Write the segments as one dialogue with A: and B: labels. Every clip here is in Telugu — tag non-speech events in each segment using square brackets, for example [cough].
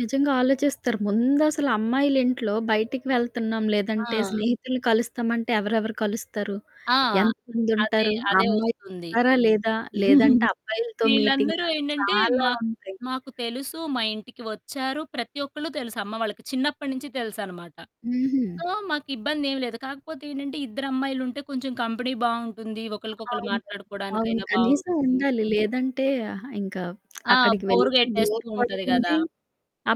A: నిజంగా ఆలోచిస్తారు. ముందసలు అమ్మాయిలింట్లో బయటికి వెళ్తున్నాం లేదంటే,
B: ఆ!
A: స్నేహితుల్ని కలుస్తామంటే ఎవరెవరు కలుస్తారు?
B: ఆ!
A: ఎంత
B: అదే,
A: మందుంటారు? ఆ
B: అదే ఒస్తుంది.
A: అమ్మాయిలున్నారా లేదా? లేదంటే,
B: [chuckles]
A: అబ్బాయిలతో
B: వీళ్ళందరూ
A: మీటింగా?
B: ఏంటంటే
A: చాలా
B: మాకు
A: ఉంటాయి.
B: మాకు తెలుసు. మా ఇంటికి ఒచ్చారు. ప్రతి ఒక్కళ్ళు తెలుసు అమ్మ వాళ్ళకి చిన్నప్పటి నుంచి తెలుసనమాట.
A: హుహు.
B: సో, మాకు ఇబ్బందేమి లేదు. కాకపోతే ఏంటంటే, ఇద్దరు అమ్మాయిలుంటే కొంచెం కంపెనీ బావుంటుంది. ఒకళ్ళకొకళ్ళు
A: అవును. అవును.
B: మాట్లాడుకోవడానికైనా
A: కనీసం
B: బావుంటుంది.
A: ఉండాలి. లేదంటే ఆహ్, ఇంకా [smacks lips]
B: ఆ!
A: అక్కడికి
B: బోర్
A: వెళ్ళినా బోర్
B: గెట్టేస్తూ ఉంటది గదా!
A: కొడుతుంది.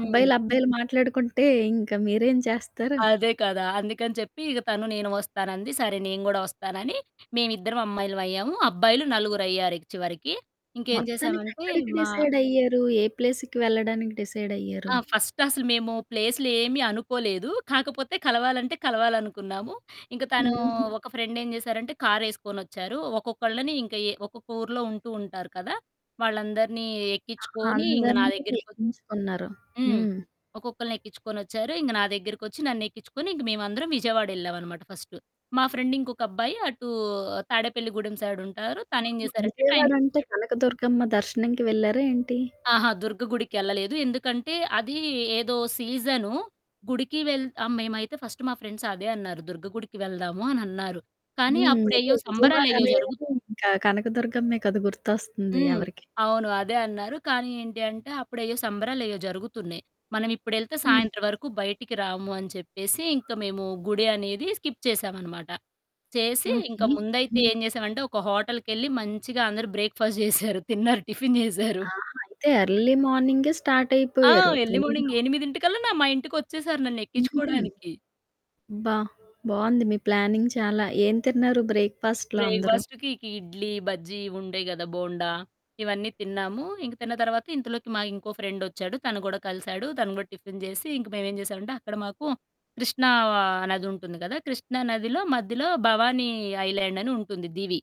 B: హ్మ్.
A: అబ్బాయిలు మాట్లాడుకుంటే ఇంక మీరేం చేస్తారు?
B: అదే కదా! అందుకని చెప్పి ఇగ తను నేను ఒస్తానంది. సరే నేను కూడా ఒస్తానని మేమిద్దరం అమ్మాయిలమయ్యాం. అబ్బాయిలు నలుగురయ్యారు ఇక చివరికి. ఇంకేం
A: మొత్తానికి
B: జేశామంటే,
A: ఎక్కడికి
B: మా
A: డిసైడ్ అయ్యారు? ఏ ప్లేస్‌కి వెళ్ళడానికి డిసైడ్ అయ్యారు?
B: ఆ! ఫస్ట్ అసలు మేము ప్లేసు‌లేమీ అనుకోలేదు. కాకపోతే, కలవాలంటే కలవాలనుకున్నాము. ఇంక తనూ
A: హుహు.
B: ఒక ఫ్రెండ్ ఏం జేశారంటే కారేసుకొనొచ్చారు. ఒక్కొక్కళ్ళని ఇంక ఏ ఒక్కొక్క ఊర్లో ఉంటూ ఉంటారు కదా! వాళ్ళందరినీ ఎక్కించుకొని ఇంగ నా
A: అందరిని
B: దగ్గరకొ
A: ఎగించుకున్నారు.
B: హ్మ్.
A: హ్మ్.
B: ఒక్కొక్కళ్ళని ఎక్కిచ్చుకొనొచ్చారు. ఇంగ నా దగ్గరకొచ్చి నన్ను ఎక్కిచ్చుకొని ఇంక మేమందరం విజయవాడ ఏళ్ళామనమాట ఫస్టు. మా ఫ్రెండ్ ఇంకొక అబ్బాయి అటూ తాడేపల్లి గూడెం సైడుంటారు. తనేం
A: అవును.
B: జేశారంటే
A: విజయవాడ అంటే,
B: ట్రైన్‌కొచ్చాడు.
A: కనకదుర్గమ్మ దర్శనంకి వెళ్లారా ఏంటి?
B: ఆహా! దుర్గగుడికెళ్ళలేదు. ఎందుకంటే, అది ఏదో సీజను. గుడికి వెళ్ ఆ మేమైతే ఫస్ట్ మా ఫ్రెండ్స్ అదే అన్నారు. "దుర్గ గుడికి వెళ్దాము." అని అన్నారు. కానీ,
A: హ్మ్. అదే
B: అప్పుడెయ్యో
A: విజయవాడ
B: సంబరాలేయ్యో
A: అనగానే
B: జరుగుతు
A: ఇంకా కనక దర్గమ్మె కదా! గుర్తొస్తుంది
B: హ్మ్.
A: ఎవరికి
B: అవును అదే అన్నారు. కానీ, ఏంటి అంటే, అప్పుడెయ్యో సంబరాలెయ్యో జరుగుతున్నాయి. మనం ఇప్పుడెళ్తే
A: హ్మ్.
B: సాయంత్రం వరకు బయటికి రాము అని చెప్పేసి ఇంకా మేము గుడి అనేది స్కిప్ చేశామనమాట. చేసి ఇంకా
A: ఓకే.
B: ముందైతే
A: హ్మ్.
B: ఏం జేసామంటే, ఒక హోటల్‌కెళ్ళి మంచిగా అందరూ బ్రేక్‌ఫాస్ట్‌ జేశారు. తిన్నారు టిఫిన్ జేశారు.
A: ఆహా! అయితే, ఎర్లీ మార్నింగే స్టార్ట్
B: ఆ!
A: అయిపోయారు
B: ఎర్లీ
A: త్వరగా.
B: మార్నింగ్ ఎనిమిదింటికల్లా నా మా ఇంటికొచ్చేసారు నన్ను
A: హుహు.
B: ఎక్కిచ్చుకోడానికి.
A: అబ్బా! బావుంది మీ ప్లానింగ్ చాలా. ఏం తిన్నారు బ్రేక్‌ఫాస్ట్‌‌లో అందరూ?
B: బ్రేక్‌ఫాస్ట్‌కి ఇకి ఇడ్లీ, బజ్జీ ఇవి ఉంటాయి గదా! బోండా ఇవన్నీ తిన్నాము. ఇంక తిన్న తర్వాత, ఇంతలోకి మాకు ఇంకో ఫ్రెండొచ్చాడు. తను కూడా కలిసాడు. తన గూడా టిఫిన్ జేసి ఇంక మేమేం జేసామంటే, అక్కడ మాకు కృష్ణా ఆహ్, నది ఉంటుంది కదా! కృష్ణా నదిలో మధ్యలో భవానీ ఐలాండ్ అని ఉంటుంది దివీ.